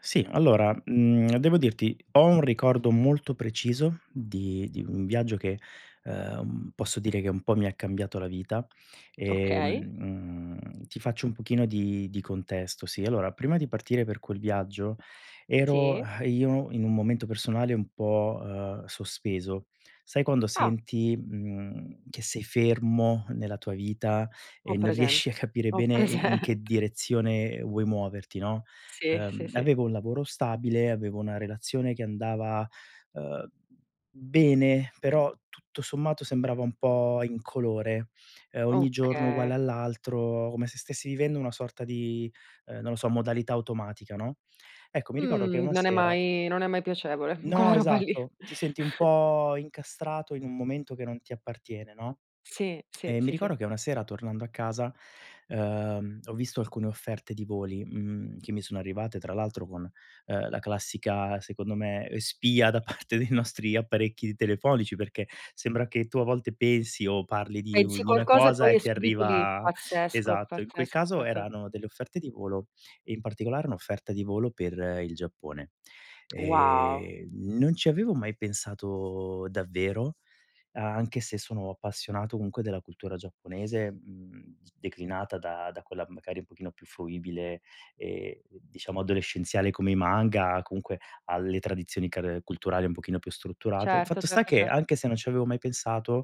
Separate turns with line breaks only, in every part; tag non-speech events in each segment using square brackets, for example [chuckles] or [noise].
Sì, allora, mhmm, devo dirti, ho un ricordo molto preciso di di un viaggio che, uhm, posso dire che un po' mi ha cambiato la vita,
Okay.
ehm, ti faccio un pochino di di contesto, sì. Allora, prima di partire per quel viaggio ero
Sì.
[exhales] io in un momento personale un po' uhm, sospeso. Sai quando
Ah.
senti, mhmm, che sei fermo nella tua vita
Ho
e non riesci a
presente.
capire
Ho
bene in in che
presente.
direzione vuoi muoverti, no.
Sì. Sì,
Uhm,
sì.
avevo un lavoro stabile, avevo una relazione che andava, uhm, bene, però tutto sommato sembrava un po' incolore, uhm, ogni giorno
Okay.
uguale all'altro, come se stessi vivendo una sorta di, uhm, non lo so, modalità automatica, no. Ecco, mi ricordo che
Mhmm,
una
non è
sera
mai non è mai piacevole quella
No,
roba lì.
esatto, ti senti un
[chuckles]
po' incastrato in un momento che non ti appartiene, no.
Sì. Sì.
E mi
Sì, sì.
ricordo che una sera tornando a casa, uhm, ho visto alcune offerte di voli, mhmm, che mi sono arrivate tra l'altro con, uhm, la classica secondo me spia da parte dei nostri apparecchi telefonici perché sembra che tu a volte pensi o parli di u
Pensi a
di una
qualcosa e
cosa
poi
e
è
ti
subito lì,
arriva
pazzesco,
esatto, in quel
pazzesco
caso
pazze
erano delle offerte di volo e in particolare un'offerta di volo per il Giappone.
Wow.
Ehm, non ci avevo mai pensato davvero, anche se sono appassionato comunque della cultura giapponese, mhmm, declinata da da quella magari un pochino più fruibile e diciamo adolescenziale come i manga, comunque alle tradizioni car culturali un pochino più strutturate.
Certo.
Fatto sta
Certo,
che
certo.
anche se non ci avevo mai pensato,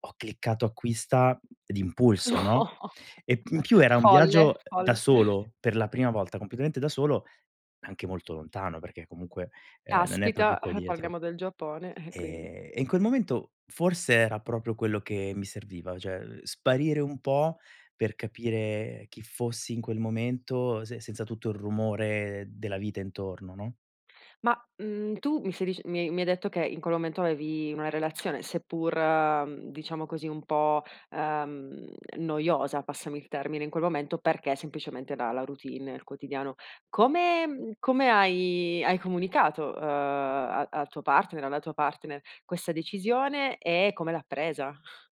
ho cliccato acquista d'impulso,
No,
no,
[chuckles]
e in più era un viaggio,
folle
uhm, da
folle.
solo, per la prima volta, completamente da solo, anche molto lontano perché comunque, ehm, non è proprio
Caspita,
qua
eh,
dietro.
parliamo del Giappone, eh, quindi
E in quel momento forse era proprio quello che mi serviva, cioè sparire un po' per capire chi fossi in quel momento se senza tutto il rumore della vita intorno, no.
Ma, mhmm, tu mi stai dic mi mi hai detto che in quel momento avevi una relazione seppur diciamo così un po' uhm, noiosa, passami il termine in quel momento perché semplicemente, dalla routine, nel quotidiano. Come come hai hai comunicato, uhm, a al tuo partner o alla tua partner questa decisione e come l'ha presa?